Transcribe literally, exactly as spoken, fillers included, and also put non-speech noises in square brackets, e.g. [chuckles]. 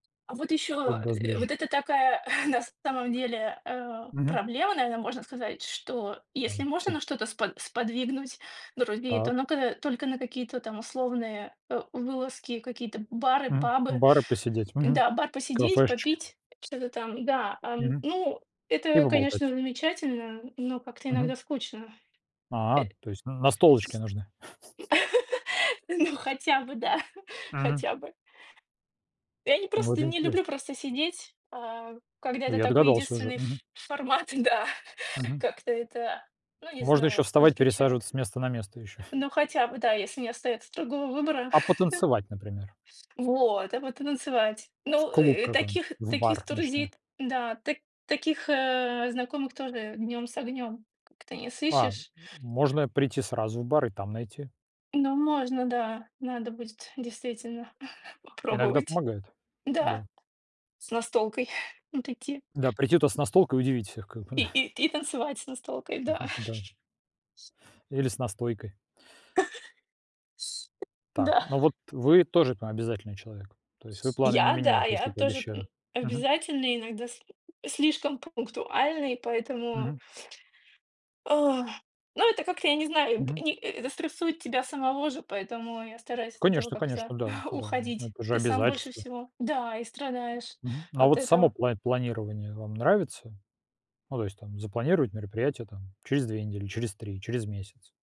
А вот Что ещё, для вас [grunts] ближе? вот это такая [chuckles] на самом деле, э, Мгм. проблема, наверно, можно сказать, что если Там, можно на всем. что-то спо сподвигнуть друзей, то Так. ну-ка только на какие-то там условные, э, вылазки, какие-то бары, Мгм, пабы. бары посидеть, мгм, Да, бар посидеть, кафешечки. попить, что-то там. Да, ам, Мгм. ну, И это, конечно, поболтать. замечательно, но как-то Мгм. иногда скучно. Э А, с то есть н настолочки нужны? [chuckles] [laughs] ну, хотя бы да, [chuckles] Мгм. хотя бы. Я не Вот просто не интересно. люблю просто сидеть, а, когда Ну, это я такой догадался уже. единственный Мгм. ф формат, да. Мгм. Как-то это, ну, не Можно еще знаю, вставать, удручает. пересаживаться с места на место еще. Ну, хотя бы, да, если не [chuckles] остаётся другого выбора. А потанцевать, например? [chuckles] Вот! А потом танцевать. В Ну, клуб э, э, таких какой-нибудь, в таких бар ночной? друзей-то да, та таких, э, знакомых тоже днем с огнем как-то не А. сыщешь. Можно прийти сразу в бар и там найти. Ну, можно, да, надо будет, действительно, [chuckles] Иногда попробовать. помогает, Да, да. с настолкой [chuckles] вот идти. Да, прийти туда с настолкой и удивить всех как бы. И [chuckles] и и танцевать с настолкой, да. [chuckles] Да. [chuckles] Или с настойкой. [chuckles] С Так. Да. Ну вот вы тоже там обязательный человек. То есть вы С планы не я, да, меняете, если я тоже, м, пообещали. Мгм. обязательный, иногда с слишком пунктуальный, поэтому Мгм. Ах. Ну, это как-то, я не знаю, б Мгм. ни э это стрессует тебя самого же, поэтому я стараюсь от этого Конечно, как-то конечно, да, [chuckles] да, уходить. это же Ты сам больше обязательства. всего да, и страдаешь Мгм. Ну, а от вот само этого. пла планирование вам нравится? Ну, то есть там: запланировать мероприятие там через две недели, через три, через месяц?